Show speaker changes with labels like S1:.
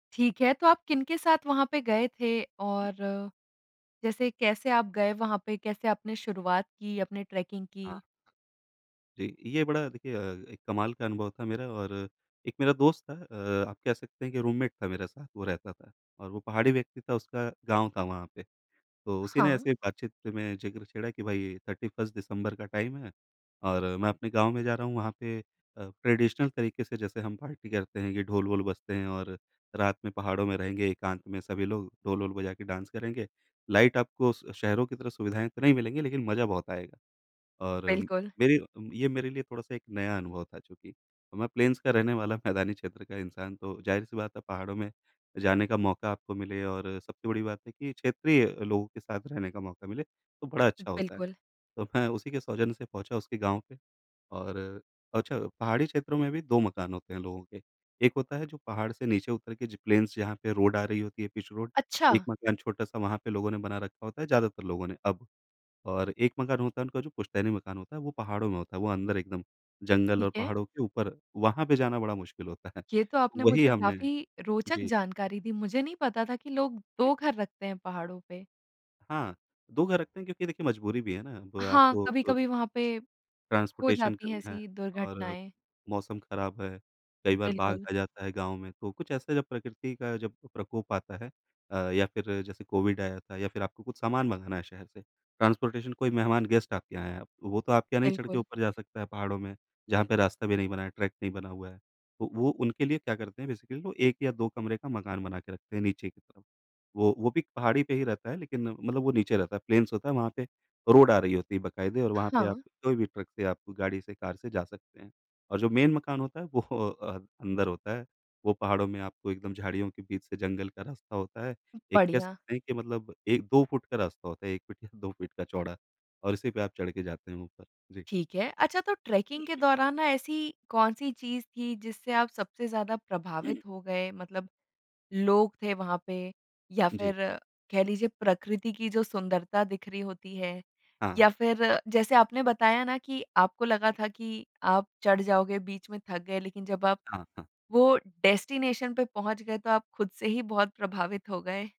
S1: ठीक है, तो आप किनके साथ वहाँ पे गए थे और, जैसे कैसे आप गए वहाँ पे, कैसे आपने शुरुआत की, अपने ट्रैकिंग
S2: हाँ।
S1: की?
S2: जी, ये बड़ा देखिए अ, एक कमाल का अनुभव था मेरा और एक मेरा दोस्त था अ, आप कह सकते हैं कि रूममेट था मेरे साथ वो रहता था और वो पहाड़ी व्यक्ति था उसका गाँव था वहाँ पे। तो उसी ने
S1: हाँ।
S2: ऐसे बात-चीत में जिक्र छेड़ा कि भाई 31st दिसम्बर का टाइम है और मैं अपने गाँव में जा रहा हूँ वहाँ पे अ, ट्रेडिशनल तरीके से जैसे हम पार्टी करते हैं, ये ढोल-वोल बजते हैं और रात में पहाड़ों में रहेंगे एकांत में सभी लोग, ढोल-वोल बजा के डांस करेंगे, लाइट आपको श शहरों की तरह सुविधाएँ तो नहीं मिलेंगी लेकिन मज़ा बहुत आएगा। और
S1: बिल्कुल।
S2: मेरी अ, ये मेरे लिए थोड़ा-सा एक नया अनुभव था चूँकि, तो मैं प्लेन्स का रहने वाला मैदानी क्षेत्र का इंसान तो ज़ाहिर सी बात है पहाड़ों में जाने का मौका आपको मिले और सबसे बड़ी बात है कि क्षेत्रीय लोगों के साथ रहने का मौका मिले, तो बड़ा अच्छा होता है।
S1: बिल्कुल।
S2: तो मैं उसी के सौजन्य से पहुँचा उसके गाँव पे और अ, छ पहाड़ी क्षेत्रों में भी 2 मकान होते हैं लोगों के, एक होता है जो पहाड़ से नीचे उतर के ज प्लेन्स जहाँ पे रोड आ रही होती है, पिच रोड, एक
S1: अच्छा।
S2: मकान छोटा-सा वहाँ पे लोगों ने बना रखा होता है ज़्यादातर लोगों ने अब। और एक मकान होता है, उनका जो पुश्तैनी मकान होता है वो पहाड़ों में होता है, वो अंदर एकदम जंगल
S1: ठीक
S2: और
S1: है।
S2: पहाड़ों के ऊपर, वहाँ पे जाना बड़ा मुश्किल होता है,
S1: ये तो आपने
S2: वही
S1: मुझे
S2: हमने
S1: काफ़ी रोचक
S2: जी।
S1: जानकारी दी, मुझे नहीं पता था कि लोग
S2: जी।
S1: 2 घर रखते हैं पहाड़ों पे।
S2: हाँ, 2 घर रखते हैं क्योंकि देखिए मजबूरी भी है ना, वो
S1: हाँ,
S2: आपको अ
S1: कभी-कभी वहाँ पे हो
S2: ट्रांसपोर्टेशन
S1: जाती है
S2: करना है
S1: ऐसी
S2: और
S1: दुर्घटनाएँ।
S2: मौसम खराब है, कई बार बाघ
S1: बिल्कुल।
S2: आ जाता है गाँव में, तो कुछ ऐसा जब प्रकृति का जब प्रकोप आता है अ, या फिर जैसे कोविड आया था या फिर आपको कुछ सामान मँगाना है शहर से, ट्रांसपोर्टेशन कोई मेहमान, गेस्ट आपके यहाँ आया, वो तो आपके यहाँ नहीं चढ़ के
S1: बिल्कुल।
S2: ऊपर जा सकता है पहाड़ों में, जहाँ पे रास्ता भी नहीं बना है, ट्रैक नहीं बना हुआ है। तो वो उनके लिए क्या करते हैं, बेसिकली वो 1 या 2 कमरे का मकान बना के रखते हैं नीचे की तरफ। वो वो भी पहाड़ी पे ही रहता है लेकिन मतलब वो नीचे रहता है, प्लेन्स होता है, वहाँ पे रोड आ रही होती है बकायदे और वहाँ पे आप
S1: हाँ।
S2: कोई भी ट्रक से आप गाड़ी से, कार से जा सकते हैं। और जो मेन मकान होता है वो अ, अंदर होता है, वो पहाड़ों में आपको एकदम झाड़ियों के बीच से जंगल का रास्ता होता है। एक कह
S1: बढ़िया।
S2: सकते हैं कि मतलब 1 2 फुट का रास्ता होता है, 1 फीट या 2 फीट का चौड़ा और इसी पे आप चढ़ के जाते हैं ऊपर। जी।
S1: ठीक है, अच्छा तो ट्रैकिंग के दौरान ना ऐसी कौन-सी चीज़ थी जिससे आप सबसे ज़्यादा प्रभावित हो गए? मतलब लोग थे वहाँ पे या
S2: जी।
S1: फिर कह लीजिए प्रकृति की जो सुंदरता दिख रही होती है या
S2: हाँ।
S1: फिर जैसे आपने बताया ना कि आपको लगा था कि आप चढ़ जाओगे, बीच में थक गए लेकिन जब आप
S2: हाँ, हाँ।
S1: वो डेस्टिनेशन पे पहुँच गए तो आप खुद से ही बहुत प्रभावित हो गए।